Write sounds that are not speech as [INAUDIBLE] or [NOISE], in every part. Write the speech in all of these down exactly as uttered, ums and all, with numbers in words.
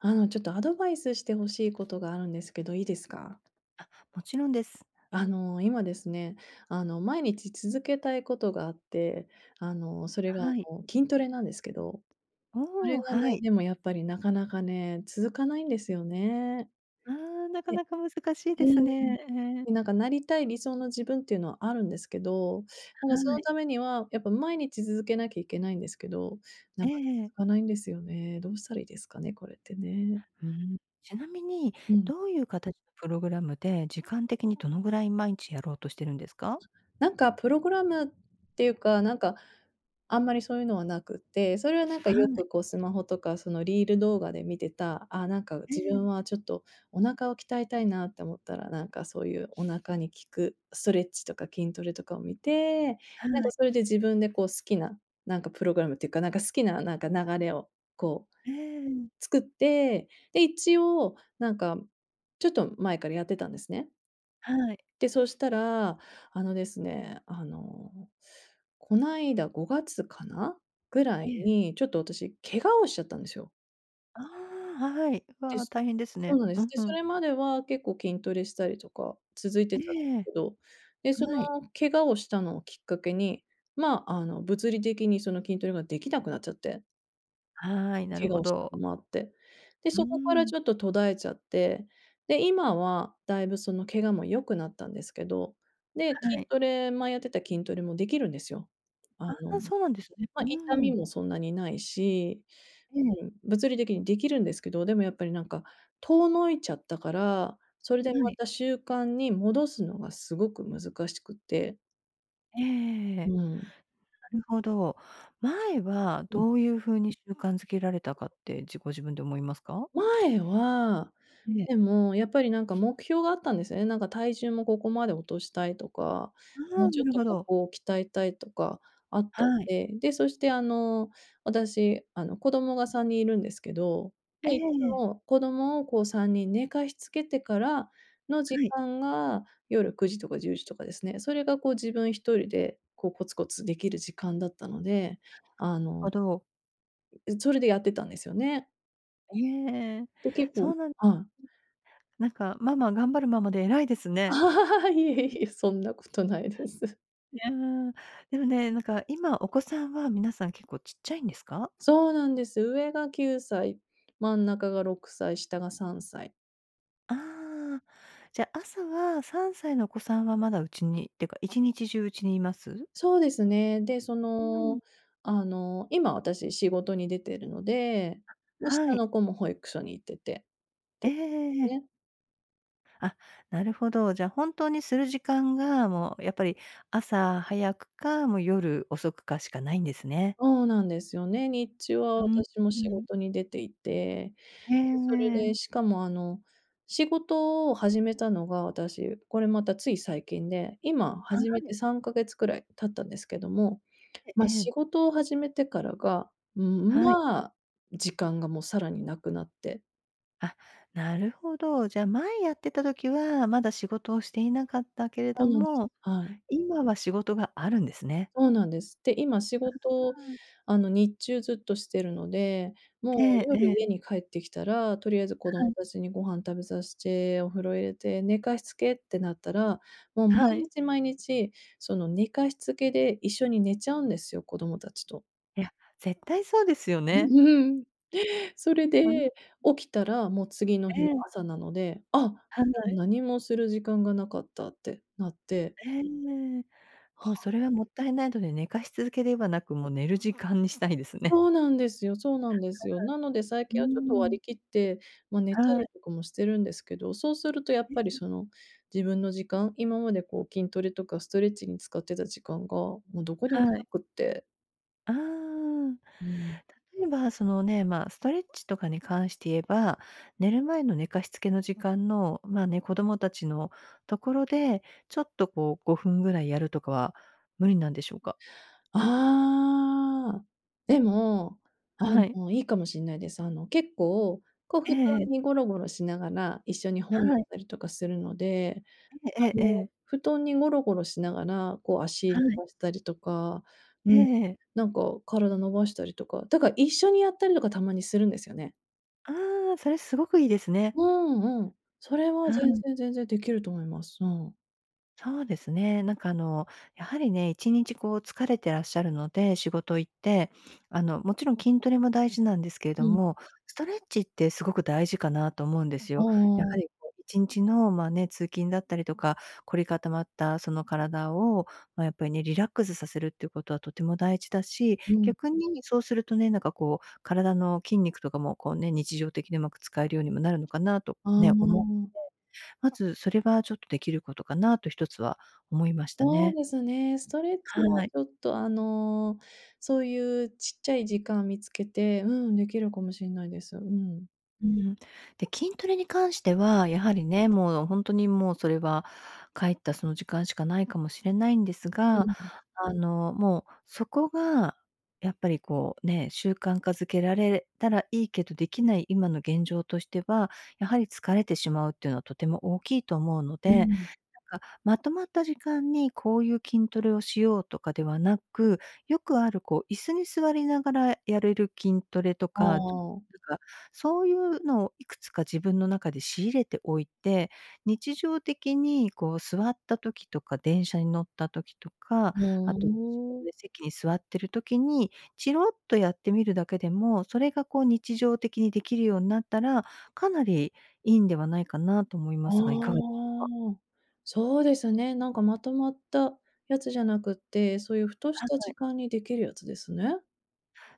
あの、ちょっとアドバイスして欲しいことがあるんですけど、いいですか？あ、もちろんです。あの、今ですね、あの、毎日続けたいことがあって、あの、それがあはい。の、筋トレなんですけど、それおお、がね、はい。でもやっぱりなかなかね、続かないんですよね。ああ、なかえなか難しいえ、でうすーん、ね。ええ。いなんかなりたい理想の自分っていうのはあるんですけど、なんはかそのい。ためには、やっぱ毎日づづけなきゃいけないんですけど、えなんかえええ。続かないんですよね。どうしたらいいですかね？これってね。ふん。ちなみに、うん。どういう形のプログラムで、時間的にどのぐらい毎日やろうとしてるんですか？なんかプログラムっていうか、なんかあんまりそういうのはなくて、それはなんかはよい。くこう、スマホとかそのリール動画で見てた、ああ、なんかえ自え。分はちょっと、お腹を鍛えたいなって思ったら、なんかそういうお腹に効く、ストレッチとか筋トレとかを見て、なはんとい。それで自分でこう好きな、なんかプログラムっていうか、なんか好きななんか流れを、こう、ええ、うん。作って、で、一応なんか、ちょっと前からやってたんですね。はい。で、そしたら、あのですね、あの、こないだごがつかな、ぐらえいえ。に、ちょっと私、怪我をしちゃったんですよ。ああ、はい。でわ、す。大変ですそね。うなんでうす。ん、で、ふそれん。までは結構筋トレしたりとか、続いてたん [UNINTELLIGIBLE] ええ。けど、で、その、はい。怪我をしたのをきっかけに、まあ、あの、物理的にその、筋トレができなくなっちゃって。はい、な怪る我ほをしたのど。もあって、で、うーそこからん。ちょっと途絶えちゃって、で、今はだいぶその怪我も良くなったんですけど、で、は筋い。トレ前やってた筋トレもできるんですよ。あの、ああ、そうなんですね。まあ、う痛ーみん。もそんなにないしええ。うん、物理的に出来るんですけど、でもやっぱりなんか、遠のいちゃったから、それではまい。た習慣に戻すのがすごく難しくって。えええええうえ。ん。なるほど。前はうん。どういうふうに習慣づけられたかって自ご自分で思いますか？前は、いえ。でもやっぱりなんか目標があったんですね。なんか体重もここまで落としたいとか、あもあ、うちなょっるとほこど。こを鍛えたいとかあったんはい。で、で、そしてあの、私あの、子供がさんにんいるんですけど、えで、いつえ。も子供をこうさんにん寝かしつけてから、の時はい。間が夜くじとかじゅうじとかですね、それがこう自分一人でこう、コツコツできる時間だったので、あ [UNINTELLIGIBLE] のあど。ん、うそれでやってたんですよね。へえ、で、結構そうなんはい。なんかママ「頑張るママ」で偉いですね。[LAUGHS] いえいえ、そんなことないです。いや、でもね、何か今、お子さんは皆さん結構ちっちゃいんですか？そうなんです、上がきゅうさい、真ん中がろくさい、下がさんさい。ああ、じゃ、朝はさんさいのお子さんはまだうちにっていうか、一日中家にいます？そうですね。で、そうーの、ん。あの、今私仕事に出てるので、で、は下い。の子も保育所に行ってて。えええええでえ。すね。あ、なるほど。じゃあ本当にする時間が、もうやっぱり、朝早くか、もう夜遅くかしかないんですね。そうなんですよね、日中はうん、私もう仕ん。事に出ていて、へで、それでえ。しかもあの、仕事を始めたのが私、これまたつい最近で、今は始めてい。さんかげつくらい経ったんですけども、へ、まあ、ええ。仕事を始めてからが、うーん、はい。まあ、時間がもうさらになくなって。あ、なるほど。じゃあ前やってた時は、まだ仕事をしていなかったけれそうどなんです、も、はい。今は仕事があるんですね。そうなんです。で、今仕事うーん。あの日中ずっとしてるので、もうええ夜え家え。に帰ってきたら、とりあえず子供はい。たちにご飯食べさせて、お風呂入れて寝かしつけってなったら、もう毎はい。日毎日、その寝かしつけで一緒に寝ちゃうんですよ、子供たちと。いや、絶対そうですよね。うん。それうん。で、起きたら、もう次の日のええ。朝なので、あ、も犯う罪。何もする時間がなかったってなって。ええ、はもうあ。それは勿体無いので、寝かしつけではなく、もう寝る時間にしたいですね。そうなんですよ、そうなんですよ。なので最うん。近うはちょっとー割りん。切って、まあ、寝たはりい。とかもしてるんですけど、そうするとやっえぱりえ。その、自分の時間、今までこう筋トレとかストレッチに使ってた時間が、もうどこにもはない。くって。ああ、うん。例えば、そのね、まあ、ストレッチとかに関して言えば、寝る前の寝かしつけの時間の、まあ、ね、子供達のところで、ちょっとこうごふんぐらいやるとかは無理なんでしょうか？ああ。でも、あはい。の、いいかもしれないです。あの、結構、こう布え団え。にゴロゴロしながら、一緒に本読んはい。だりとかするので、ええあええの、ええ。布団にゴロゴロしながら、こう足伸はい。ばしたりとか、えうん、え。なんか体伸ばしたりとか、だから一緒にやったりとかたまにするんですよね。ああ、それ凄くいいですね。うんうん。それは、は全ん。然全然、できると思います。うん。そうですね、なんかあの、やはりね、いちにちこう疲れてらっしゃるので、仕事行って、あの、もちろん筋トレも大事なんですけれうどん。も、ストレッチってすごく大事かなと思うんですうよ。やんうん。はりこういちんちのまあ、ね、通勤だったりとか凝り固まったその体を、ま、やっぱりね、リラックスさせるっていうことはとても大事だし、うん。逆にそうするとね、なんかこう、体の筋肉とかも、こうね、日常的に上手く使えるようにもなるのかなとあね、思って。あ。まず、それはちょっとできることかなとひとつは思いましたそうね。ですね、ストレッチははい。ちょっとあの、そういうちっちゃい時間見つけて、うん、できるかもしんないです、うん。うーん。で、筋トレに関しては、やはりね、もうほんとにもうそれは帰ったその時間しかないかもしれないんですうが、んうん。あの、もうそこがやっぱりこうね、習慣化づけられたらいいけどできない今の現状としては、やはり疲れてしまうっていうのはとても大きいと思うのうで、ん。なんかまとまった時間にこういう筋トレをしようとかではなく、よくある、こう、椅子に座りながらやるる筋トレとうか、と、ーん。なんか、そういうのをいくつか自分の中で仕入れておいて、日常的にこう座った時とか、電車に乗った時とか、ふ後ご自うん。分で席に座っている時にちろっとやってみるだけでも、それがこう日常的に出来るようんなったら、かなりいいんではないかなと思いあますが、いかがでしょうか？あ、そうですね、なんかまとまったやつじゃなくて、そういうふとしはたい。時間にできるやつですね。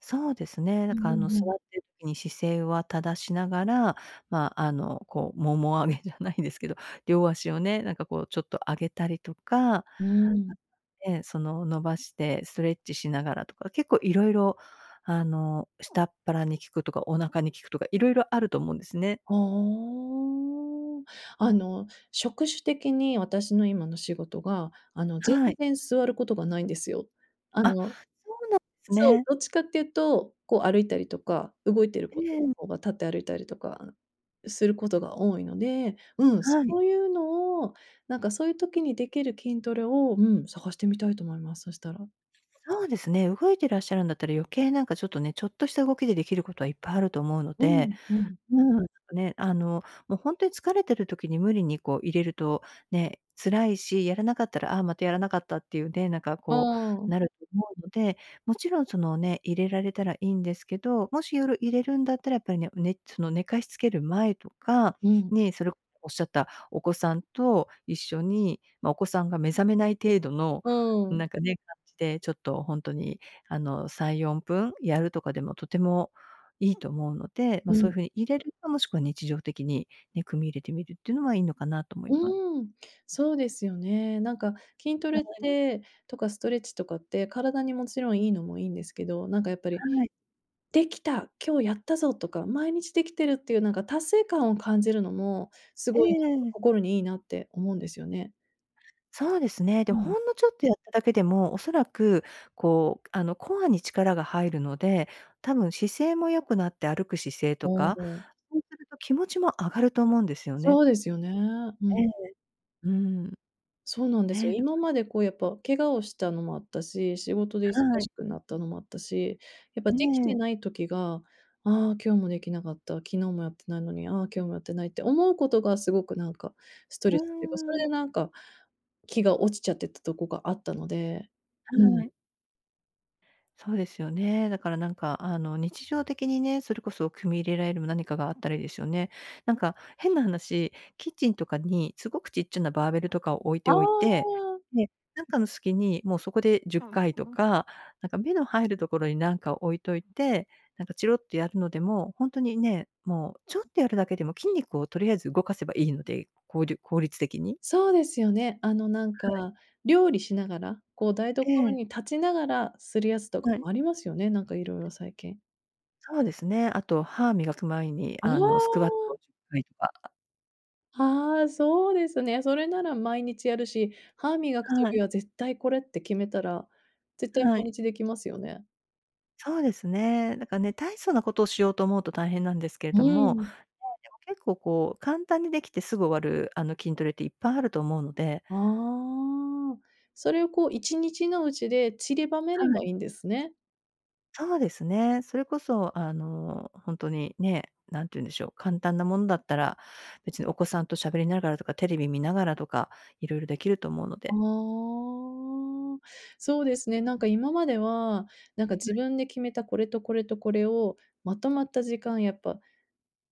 そうですね。うだかんらあの、座うん。っている時に姿勢は正しながら、ま、あの、こう、腿あげじゃないですけど、両足をね、なんかこうちょっと上げたりとかうん。で、その、伸ばして、ストレッチしながらとか。結構色々あの下っ腹に効くとか、お腹に効くとか、色々あると思うんですね。はあん。あの職種的に私の今の仕事が、あの、全はい。然座ることがないんですよ。ああ、の、そうなんですそう、ね。どっちかっていうと、こう歩いたりとか、動いてることのうん。ほうが立って歩いたりとか、あすることが多いので。うん、そはい。ういうのをなんかそういう時にできる筋トレをうん、探してみたいと思います、そしたらそうですね。動いていらっしゃるんだったら、余計なんかちょっとね。ちょっとした動きで出来ることはいっぱいあると思うのうで。ん、うん。うん、ね、あの、もう本当に疲れている時に無理にこう入れると、ね、辛いし。やらなかったら、ああ、またやらなかったっていうね。なんかあこう、ん。なると思うので。もちろんそのね、入れられたら良いんですけど。もし夜入れるんだったら、やっぱりねねその寝かしつける前とかうん。ねえ、それをおっしゃったお子さんと一緒に、ま、お子さんが目覚めない程度の、うん。なんかね、感じで、ちょっと本当に、あのさんよんぷんやるとかでも、とてもいいと思うので。ま、うそういうん。風に入れるか、もしくは日常的に、ね、組み入れてみるっていうのはいいのかなと思います。うーん、そうですよね。なんか、筋トはレっい。てとかストレッチとかって、体にもちろんいいのもいいんですけど。なんかやっぱりはい。「できた、今日やったぞ」とか、毎日できてるっていうなんか達成感を感じるのも、すえごいなんか、え。心にいいなって思うんですよね。そうですね。でうもん。ほんのちょっとやっただけでも、おそらく、こう、あのコアに力が入るので、たぶん姿勢も良くなって、歩く姿勢あとか、あ。そうすると気持ちも上がると思うんですよね。そうですよね。うえん。え。うん。そうなんですよ、今 [UNINTELLIGIBLE] までこうやっぱ怪我をしたのもあったし、仕事で忙はい。しくなったのもあったし、やっぱえできてえ。ない時が、ああ今日もできなかった、昨日もやってないのに、ああ今日もやってないって思うことがすごくなんか、ストうレスっていうか、それーん。でなんか、気が落ちちゃってたとこがあったので、うはん。い。そうですよね、だからなんか、あの日常的にね、それこそ組み入れられる何かがあったらいいですよね。なんか、変な話、キッチンとかに凄くちっちゃなバーベルとかを置いてあおいて、あ。で、なんかの隙に、もうそこでじゅっかいとか、なんか目の入るところに、なんかを置いといて、なんかちろっとやるのでも、ほんとにね、もうちょっとやるだけでも筋肉をとりあえず動かせば良いので、こうりゅ効率的に。そうですよね、あのなんはい。か、料理しながら、こう台所ええ。に立ちながらするやつとかはい。もありますよね、なんかいろいろ最近。そうですね、あと歯磨く前におあの、スクワッお！トじゅっかいとか。ああ、そうですね、それなら毎日やるし、歯磨くは時い。は絶対これって決めたら、絶対は土い。日できますよね。そうですね。なかね、大層なことをしようと思うと大変なんですけどうも、ん。やい、でも結構こう、簡単に出来てすぐ終わるあの、筋トレっていっぱいあると思うのでああ、それをこう一日のうちで散りばめれはばい。いいんですね。そうですね。それこそあの、ほんとに、ね、何て言うんでしょう、簡単なもんだったら、別にお子さんと喋りながらとか、テレビ見ながらとか、色々出来ると思うのああ、で。そうですね、なんか今までは、なんあ、かは自い。分で決めたこれとこれとこれを、まとまった時間やっぱ、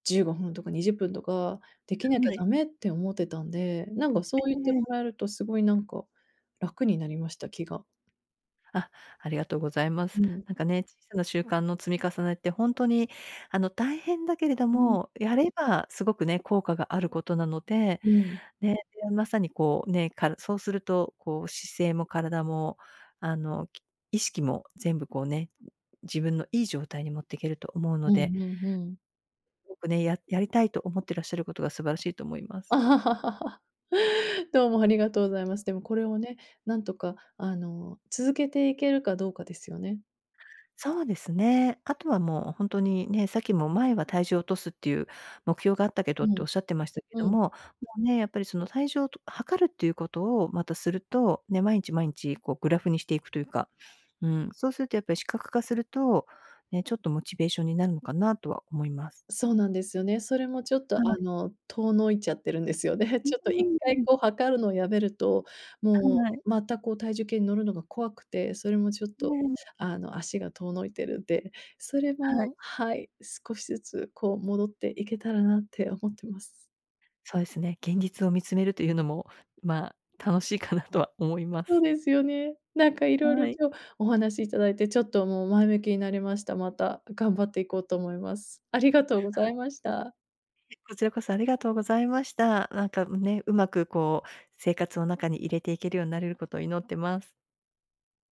じゅうごふんとかにじゅっぷんとか、できなきゃは駄い。目って思ってたんで、なんがそうえ言ってもえええ。らえるとすごいなんか、楽になりました、気が。あ、ありがとうございます。うん。なんかね、小さな習慣の積み重ねってほんとに、あの、大変だけれどうん。も、やればすごくね、効果があることなので、うん。ね、いや、まさにこう、ね、からそうすると、こう姿勢も体も、あの、き意識も全部こうね、自分のいい状態に持っていけると思うのうでんうん、ふん。おくね、ややりたいと思ってらっしゃることが素晴らしいと思います。[CHUCKLES] どうもありがとうございます。でもこれをうん。ね、なんとかあの、続けていけるかどうかですよね？そうですね、あとはもうほんとに、ね、さっきも前は体重を落とすっていう、目標があったけどっうてん。おっしゃってましたけどうん。も、もうね、やっぱりその、体重をと量るっていうことをまたすると、ね、まいんちまいんち、こう、グラフにしていくというかうん、そうするとやっぱり視覚化すると、ね、ちょっとモチベーションになるのかなとは思います。そうなんですよね。それもちょっとはあい。の、遠のいちゃってるんですよね。で、へ、うちょっと一ー回ん。こう量るのをやめると、もはい。うまた、こう、体重計に乗るのが怖くて、それもちょっええ、と、うん。あの、足が遠のいてるで、それはもい。はい、少しずつこう戻っていけたらなって思ってます。そえすね、現実を見つめるというのも、まあ、楽しいかなとは思いまそうす。ですよね。なんかいろいろはい。今日お話しいただいてちょっともう前向きになりました。また頑張っていこうと思います。ありがとうござはいました。いえ、こちらこそありがとうございました。なんか、ん、ね、上手くこう、生活の中に入れていけるようなるること祈ってます。